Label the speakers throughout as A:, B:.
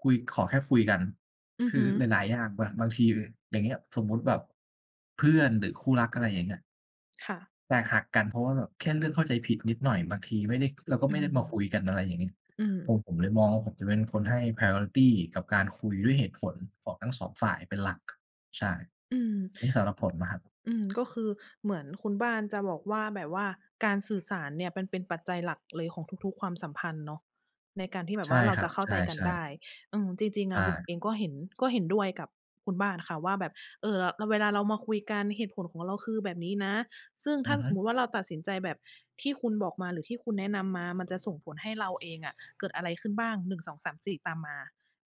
A: คุย ขอแค่คุยกัน
B: อื
A: ค
B: อ
A: ื
B: ฮ
A: อ
B: ึ
A: หลาย ๆ อย่าง บาง บางที อย่างเงี้ย สมมุติแบบ เพื่อนหรือคู่รัก อะไรอย่างเงี้ย
B: ค่ะ
A: แตกหักกัน เพราะว่าแบบแค่เลือกเข้าใจผิดนิดหน่อย บางทีไม่ได้ เราก็
B: อื
A: ไม่ได้
B: ม
A: มาคุยกัน อะไรอย่างนี้
B: อืม
A: ผม ผมเลยมองว่า ผมจะเป็นคนให้ priority กับการคุยด้วยเหตุผลของทั้ง 2 ฝ่ายเป็นหลัก ใช่
B: อืม
A: นี่สำหรับผมอะครับ
B: อืม ก็คือเหมือนคุณบ้านจะบอกว่า แบบว่าการสื่อสารเนี่ยมันเป็นปัจจัยหลักเลยของทุก ๆ ความสัมพันธ์เนาะ ในการที่แบ
A: ใช
B: บว
A: ่
B: ่าเรา
A: ครั
B: จ
A: บ
B: ะเข้
A: ใ
B: า
A: ช
B: ใจกัน
A: ่
B: ได้
A: ๆ
B: อืม จริง
A: ใ
B: ๆ
A: ช
B: อะ หมวก
A: ่
B: เองก็เห็น ก็เห็นด้วยกับคุณบ้านอะค่ะว่าแบบ เอ่อ เรา เรา เวลาเรามาคุยกันเหตุผลของเราคือแบบนี้นะ ซึ่งถ
A: อ
B: ้
A: ื
B: า
A: อฮ
B: ส
A: ึ
B: มมุติว่าเราตัดสินใจแบบที่คุณบอกมา หรือที่คุณแนะนำมา มันจะส่งผลให้เราเองอะเกิดอะไรขึ้นบ้าง 1 2 3 4 ตามมา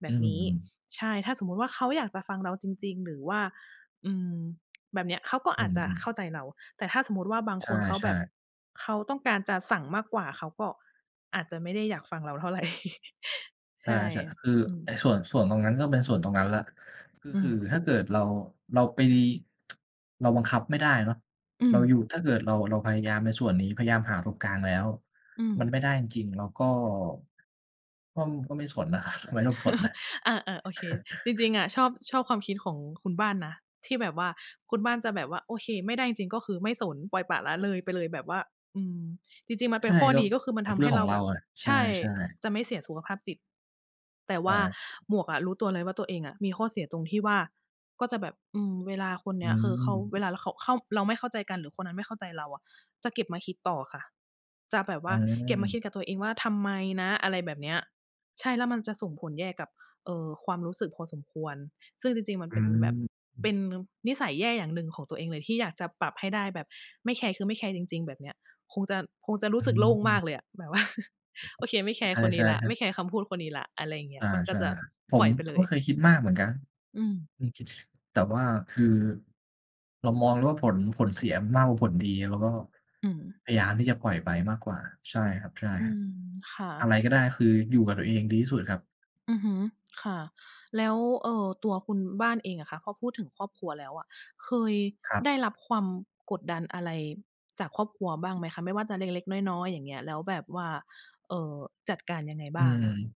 B: แบ
A: อื
B: บนี้
A: ม
B: ใช่ ถ้าสมมุติว่าเขาอยากจะฟังเราจริง ๆ หรือว่า อืม แบบเนี้ยเขาก็
A: อ
B: อ
A: ื
B: าจจะ
A: ม
B: เ
A: ๆ
B: ข้าใจเรา แต่ถ้าสมมุติว่าบาง
A: ใ
B: คนเขา
A: ช
B: แบ
A: ่
B: บ
A: ๆ
B: เขาต้องการจะสั่งมากกว่า เขาก็ อาจจะไม่ได้อยากฟังเราเท่าไร
A: ใ
B: ใ
A: ช
B: ช
A: ่
B: ่
A: ๆ คือ
B: อืม
A: ไอ้ส่วน ส่วนตรงนั้นก็เป็นส่วนตรงนั้นแล้ว ก็
B: อื
A: คือ
B: ม
A: ถ้าเกิดเรา เราไป เราบังคับไม่ได้เนาะ
B: อื
A: เราอยู
B: ม
A: ่ ถ้าเกิดเรา เราพยายามในส่วนนี้พยายามหาตรงกลางแล้ว
B: อืม
A: มันไม่ได้จริง ๆ เราก็ ก็ ก็ไม่สนอะ ครับ ไม่ต้องสนน่ะ
B: อา ๆ โอเค จริง ๆ อะ ชอบ ชอบความคิดของคุณบ้านนะที่แบบว่า คุณบ้านจะแบบว่า โอเค ไม่ได้จริง ๆ ก็คือไม่สน ปล่อยปละละเลยไปเลย แบบว่า อืม จริง ๆ มัน
A: ใ
B: เ
A: ช
B: ป็
A: ่
B: นข้อ
A: ก็
B: ดีก็คือ มันท
A: เร
B: ำ
A: ื
B: ใ
A: ่
B: ห
A: อ
B: ้
A: งข
B: เ
A: อ
B: รา
A: งเร
B: แ
A: า
B: บบ
A: อะ ใช
B: ใช่
A: ่ ๆ
B: จะไม่เสียสุขภาพจิต แต่
A: ใ
B: ว
A: ช
B: ่า
A: ่
B: หมวกอะรู้ตัวเลยว่า ตัวเองอะมีข้อเสียตรงที่ว่า ก็จะแบบ อืม เวลาคน
A: อ
B: เน
A: ื
B: ี้ยคือเขา
A: ม
B: เวลา ล เข่า เข้า เราไม่เข้าใจกัน หรือคนนั้นไม่เข้าใจเราอะ จะเก็บมาคิดต่อค่ะ จะแบบว
A: อื
B: ่าเก็บมาคิ
A: ม
B: ดกับตัวเองว่า "ทำไมนะ?" อะไรแบบเนี้ย ใช่ แล้วมันจะส่งผลแย่กับ เอ่อ ความรู้สึกพอสมควร ซึ่งจริง ๆ มัน
A: อ
B: เป็นแบบ
A: ืม
B: เป็นนิสัยแย่อย่างหนึ่งของตัวเองเลย ที่อยากจะปรับให้ได้ แบบไม่แคร์คือไม่แคร์จริง ๆ แบบเนี้ย คงจะ คงจะรู
A: อ
B: ้สึกโล่งม
A: ื
B: า
A: ม
B: กเลยอะ แบบ ว่า โอเค ไม่แค
A: ใ
B: ร์คนน
A: ช
B: ี้
A: ่
B: แล้
A: ๆ
B: ว
A: ครั
B: ไม
A: บ
B: ่แคร์คำพูดคนนี้แล้ว อะไรอย่างเงี้
A: อา
B: ย มันก
A: ใช
B: ็
A: ่
B: จะ
A: ผ
B: ปล
A: ม
B: ่อยไปเล
A: ก็
B: ย
A: เคยคิดมากเหมือนกัน
B: อืม
A: อือ คิด แต่ว่าคือ เรามองเลยว่าผล ผลเสียมากกว่าผลดี แล้วก็
B: อือ
A: พยายามที่จะปล่อยไปมากกว่า ใช่ครับ ใช่
B: อื
A: ครับ
B: ม ค่
A: อะ
B: ะ
A: ไรก็ได้ คืออยู่กับตัวเองดีที่สุดครับ
B: อือฮึ ค่ะ แล้ว เอ่อ ตัวคุณบ้านเองอะค่ะ พอพูดถึงครอบครัวแล้วอะ เคย
A: ครับ
B: ได้รับความกดดันอะไรจากครอบครัวบ้างไหมคะ? ไม่ว่าจะเล็ก ๆ น้อย ๆ อย่างเงี้ย แล้วแบบว่า เอ่อ จัดการยังไง
A: อื
B: บ้าง?
A: ม